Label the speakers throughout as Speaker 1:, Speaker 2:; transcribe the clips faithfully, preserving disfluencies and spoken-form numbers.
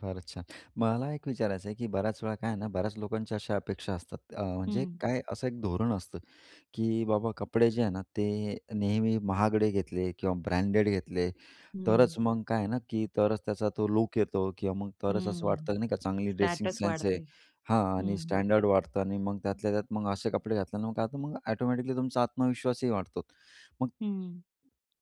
Speaker 1: फारच छान. मला एक विचारायचं आहे की बऱ्याच वेळा काय आहे ना, बऱ्याच लोकांच्या अशा अपेक्षा असतात अ, म्हणजे
Speaker 2: हं.
Speaker 1: काय असं एक धोरण असतं. की बाबा कपडे जे आहे ना, ते नेहमी महागडे घेतले किंवा ब्रँडेड घेतले,
Speaker 2: हं.
Speaker 1: तरच मग काय आहे ना, की तरच त्याचा तो लूक येतो किंवा मग तरच असं
Speaker 2: हं.
Speaker 1: वाटतं नाही का, चांगली ड्रेसिंग
Speaker 2: स्टेटस
Speaker 1: सेन्स
Speaker 2: वाढते.
Speaker 1: आहे. हां. आणि
Speaker 2: हं.
Speaker 1: स्टँडर्ड वाढतं आणि मग त्यातल्या त्यात मग असे कपडे घातल्यानं मग काय होतं मग एटोमॅटिकली तुमचा आत्मविश्वासही वाढतो मग
Speaker 2: हं.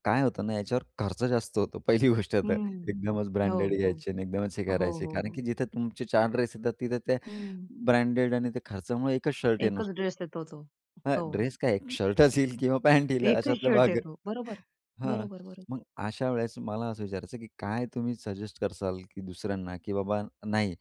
Speaker 1: काय होतं ना, याच्यावर खर्च जास्त होतो पहिली गोष्ट तर.
Speaker 2: हं.
Speaker 1: एकदमच
Speaker 2: हो,
Speaker 1: ब्रँडेड
Speaker 2: हो.
Speaker 1: घ्यायचे आणि एकदमच हे
Speaker 2: हो,
Speaker 1: करायचे.
Speaker 2: हो,
Speaker 1: कारण
Speaker 2: हो.
Speaker 1: की जिथे तुमचे चार ड्रेस येतात तिथं ते
Speaker 2: हं.
Speaker 1: ब्रँडेड आणि त्या खर्चामुळे एक च शर्ट येणार.
Speaker 2: एकच ड्रेस येतो तो,
Speaker 1: हां,
Speaker 2: हो.
Speaker 1: ड्रेस काय एक शर्टच येईल किंवा पॅण्ट येईल
Speaker 2: एकच
Speaker 1: अशातला
Speaker 2: शर्ट
Speaker 1: भाग आहे.
Speaker 2: येतो बरोबर.
Speaker 1: हां,
Speaker 2: बरोबर, बरोबर.
Speaker 1: मग अशा वेळेस मला असं विचारायचं की काय तुम्ही सजेस्ट कराल की दुसऱ्यांना की बाबा नाही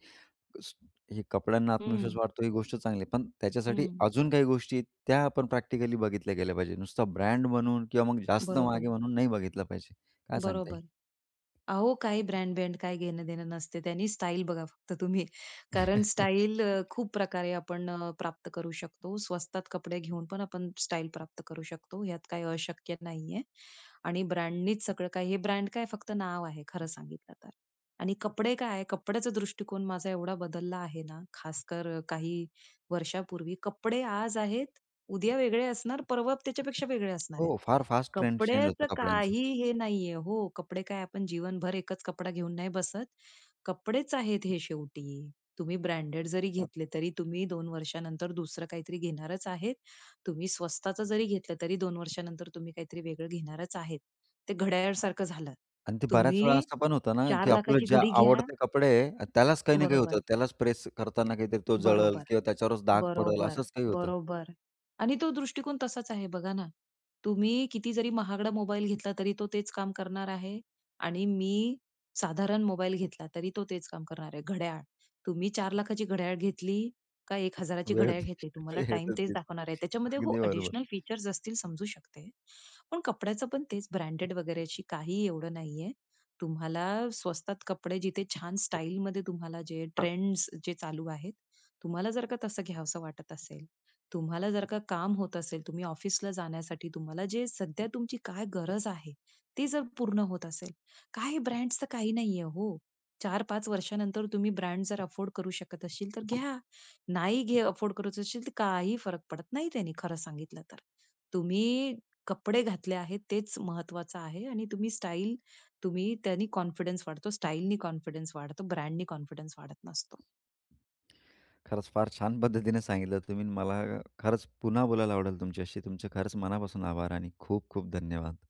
Speaker 1: स हे कपड्यांना आत्मविश्वास
Speaker 2: हं.
Speaker 1: वाढतो ही गोष्ट चांगली आहे, पण त्याच्यासाठी
Speaker 2: हं.
Speaker 1: अजून काही गोष्टी, त्या आपण प्रॅक्टिकली बघितल्या गेल्या पाहिजे. नुसता ब्रँड म्हणून किंवा मग जास्त महाग
Speaker 2: बरोबर.
Speaker 1: आहे म्हणून नाही बघितलं पाहिजे. काय सांगता येईल?
Speaker 2: बरोबर. अहो काही ब्रँड-बँड काही घेणं देणं नसते त्यानी स्टाईल बघा फक्त तुम्ही कारण स्टाईल अ, खूप प्रकारे आपण अ, प्राप्त करू शकतो. स्वस्तात कपडे घेऊन पण आपण स्टाईल प्राप्त करू शकतो ह्यात काही अशक्य नाहीये आणि ब्रँडनीच सगळं काही हे ब्रँड काय फक्त नाव आहे खरं सांगितलं तर. आणि कपडे काय कपड्याचा दृष्टीकोन माझा एवढा बदलला आहे ना, खासकर अ, काही वर्षापूर्वी कपडे आज आहेत, उद्या वेगळे असणार, परवा त्याच्यापेक्षा वेगळे असणार आहेत.
Speaker 1: हो फार फास्ट ट्रेंड चेंज होतं
Speaker 2: कपड्याचं
Speaker 1: कपड्यांचं.
Speaker 2: काही हे नाहीये हो कपडे काय आपण जीवनभर एकच कपडा घेऊन नाही बसत. कपडेच आहेत हे शेवटी. तुम्ही ब्रँडेड जरी घेतले तरी तुम्ही दोन वर्षानंतर दुसरं काहीतरी घेणारच आहेत. तुम्ही स्वस्ताचं जरी घेतलं तरी दोन वर्षानंतर तुम्ही काहीतरी वेगळं घेणारच आहेत. ते घड्याळसारखं झालं.
Speaker 1: आणि ते बऱ्याच वेळा
Speaker 2: तुम्ही
Speaker 1: असं पण होतं ना,
Speaker 2: चार
Speaker 1: की
Speaker 2: लाखा
Speaker 1: आपलं
Speaker 2: ची
Speaker 1: जे
Speaker 2: घडी घ्या
Speaker 1: आवडते कपडे आहे, त्यालाच काही ना, काही होतं.
Speaker 2: बरोबर.
Speaker 1: त्यालाच प्रेस करतांना काहीतरी तो जळेल
Speaker 2: बरोबर.
Speaker 1: किंवा त्याच्यावरच डाग पडेल
Speaker 2: बरोबर,
Speaker 1: असंच काही होतं.
Speaker 2: बरोबर. आणि तो दृष्टिकोन तसाच आहे बघा ना. तुम्ही किती जरी महागडा मोबाईल घेतला तरी तो तेच काम करणार आहे आणि मी साधारण मोबाईल घेतला तरी तो तेच काम करणार आहे. घड्याळ तुम्ही चार लाखा ची घड्याळ घेतली का एक हजारा ची
Speaker 1: वेळ
Speaker 2: घड्याळ
Speaker 1: तीच
Speaker 2: घेतली तुम्हाला
Speaker 1: वेळ
Speaker 2: टाईम
Speaker 1: तर
Speaker 2: तेच
Speaker 1: तीच
Speaker 2: दाखवणार आहे त्याच्यामध्ये, हो
Speaker 1: अगदी बरोबर.
Speaker 2: ॲडिशनल फीचर्स असतील समजू शकते. पण कपड्याचं पण तेच ब्रँडेड वगैरे अशी काही एवढं नाहीये. तुम्हाला स्वस्तात कपडे जिथे छान स्टाईलमध्ये तुम्हाला जे ट्रेंड्स जे चालू आहेत तुम्हाला जर का तसं, घ्यावसं वाटत असेल तुम्हाला जर का काम होत असेल तुम्ही ऑफिसला जाण्यासाठी तुम्हाला जे सध्या तुमची काय गरज आहे. ती जर पूर्ण होत असेल काही ब्रँड्सच काही नाहीये हो. चार पाच वर्षानंतर तुम्ही ब्रँड जर अफोर्ड करू शकत असशील तर घ्या. नाही घे अफोर्ड कर असशील तर काही फरक पडत नाही त्यांनी खरं सांगितलं तर. तुम्ही कपडे घातले आहेत तेच महत्वाचं आहे आणि तुम्ही स्टाईल तुम्ही त्यांनी कॉन्फिडन्स वाढतो स्टाईलनी कॉन्फिडन्स वाढतो ब्रँडनी कॉन्फिडन्स वाढत नसतो.
Speaker 1: खरंच फार छान पद्धतीने सांगितलं तुम्ही मला खरंच पुन्हा बोलायला आवडेल तुमच्याशी. तुमचे खरंच मनापासून आभार आणि खूप, खूप धन्यवाद.